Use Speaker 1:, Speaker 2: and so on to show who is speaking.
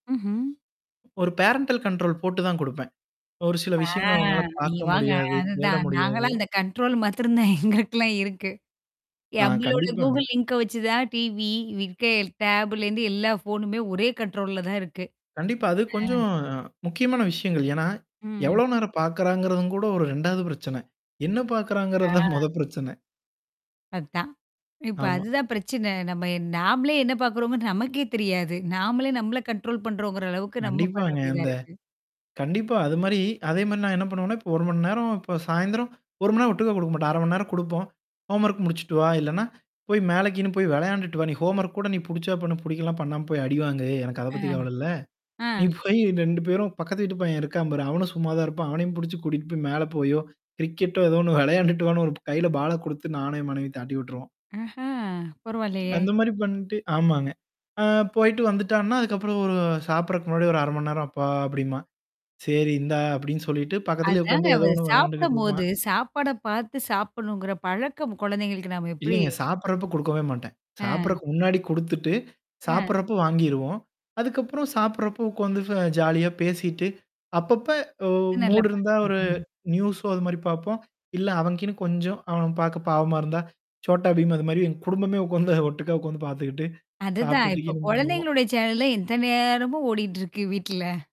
Speaker 1: ம்ஹ்ம்.
Speaker 2: ஒரு parental control போட்டு தான் குடுப்பேன். ஒரு சில
Speaker 1: ஆ
Speaker 2: விஷயங்கள அவங்கனால பார்க்க
Speaker 1: இவாங்க
Speaker 2: முடியாது, தேட
Speaker 1: அதுதான்.
Speaker 2: முடியாது.
Speaker 1: நாங்கலாம் அந்த கண்ட்ரோல் மத்திரந்தான் எங்களுக்கலாம் இருக்கு.
Speaker 2: ஆ
Speaker 1: நம்மளோட
Speaker 2: கண்டிப்பாங்க.
Speaker 1: கூகுள் லிங்க வச்சு தான் டிவி, விக்கெய்ல் டாப் லேருந்து எல்லா ஃபோனுமே ஒரே கண்ட்ரோல் லல தான் இருக்கு.
Speaker 2: கண்டிப்பா. அது
Speaker 1: ஆ.
Speaker 2: கொஞ்சம் முக்கியமான விஷயங்கள். ஏன்னா
Speaker 1: ம்.
Speaker 2: எவ்ளோ நேரம் பார்க்குறாங்கறத கூட ஒரு 2வது பிரச்சனை. என்ன பார்க்குறாங்கிறது தான்
Speaker 1: ஆ.
Speaker 2: மொத பிரச்சனை.
Speaker 1: அதான். இப்ப
Speaker 2: ஆமா.
Speaker 1: அதுதான் பிரச்சனை. நம்ம நாமளே என்ன பார்க்குறோம்ன்னு நமக்கே தெரியாது. நாமளே நம்மள கண்ட்ரோல் பண்ணுறோங்கிற அளவுக்கு நம்ம பண்ண
Speaker 2: கண்டிப்பாங்க.
Speaker 1: வேண்டியதா
Speaker 2: அந்த.
Speaker 1: இருக்கு.
Speaker 2: கண்டிப்பா. அது மாரி அதே மாரி நான் என்ன பண்ணுவேன்னா, இப்ப 1 மணி நேரம் இப்ப சாயந்திரம் 1 மணி நேரம் ஒட்டுக்கா குடுக்க மாட்டேன். 1/2 மணி நேரம் குடுப்போம். ஹோம்வொர்க் முடிச்சுட்டு வா, இல்லன்னா போய் மேலை கீன்னு போய் வெளையாண்டுட்டு வா. நீ ஹோம்வொர்க் கூட நீ புடிச்சா பண்ணு, புடிக்கலனா பண்ணாம போய் அடிவாங்கு. எனக்கு அத
Speaker 1: ஆ
Speaker 2: பத்தி கவல இல்ல.
Speaker 1: ஆ.
Speaker 2: நீ போய் 2 பேரும் பக்கத்து வீட்டுப்பய்யன் என்ன இருக்கா பாரு. அவனும் சும்மா தான் இருப்பான். அவனையும் புடிச்சு கூட்டிட்டு போய் மேல போயோ, கிரிக்கெட் டோ ஏதோ 1 வெளையாண்டுட்டு வான்னு ஒரு கையில பால குடுத்து நானும் என் மனைவியும் தட்டி விட்டுருவோம்.
Speaker 1: ஆஹ பரவால்லையே!
Speaker 2: அந்த மாரி பண்ணட்டு ஆமாங்க. அ போயிட்டு வந்துட்டான்னா, அதுக்கப்புறம் ஒரு சாப்பறதுக்கு முன்னாடி ஒரு 1/2 மணி நேரம் அப்பா அப்டிம்பான். "சரி இந்தா" அப்டின்னு சொல்லிட்டு பக்கத்திலேயே உக்கான்ட்டு ஏதோ
Speaker 1: அதாங்க
Speaker 2: 1 வெளையாண்டுகிட்டு இருப்பான்.
Speaker 1: சாப்பிடும்போது, சாப்பாட பார்த்து சாப்பிடணுங்கிற பழக்கம் குழந்தைகளுக்கு நாம எப்படி?
Speaker 2: இல்லைங்க. சாப்டுறப்ப குடுக்கவே மாட்டேன்.
Speaker 1: அ.
Speaker 2: சாப்பிடறதுக்கு முன்னாடி குடுத்துட்டு
Speaker 1: அ.
Speaker 2: சாப்டுறப்போ வாங்கிருவோம். அதுக்கப்புறம் சாப்படுறப்போ உட்காந்து ஜாலியா பேசிட்டு. அப்பப்ப ஒ
Speaker 1: நல்ல
Speaker 2: மூடு இருந்தா
Speaker 1: பழக்கம்
Speaker 2: ஒரு
Speaker 1: தாங்க.
Speaker 2: நியூஸோ அது மாரி பார்ப்போம். இல்ல அவனுக்குகீனு கொஞ்சம் அவன் பார்க்க பாவமா இருந்தா. சோட்டாபீம் அது மாரி எ குடும்பமே உட்கார்ந்து ஒட்டுக்கா உட்கார்ந்து பார்த்துக்கிட்டு.
Speaker 1: அதுதான். இப்ப
Speaker 2: சாப்ட்டுட்டுக்கீனும் பண்ணுவோம்.
Speaker 1: கொழந்தைங்களுடைய சேனல் ல எத்த நேரமோ ஓடிட்டு இருக்கு வீட்ல?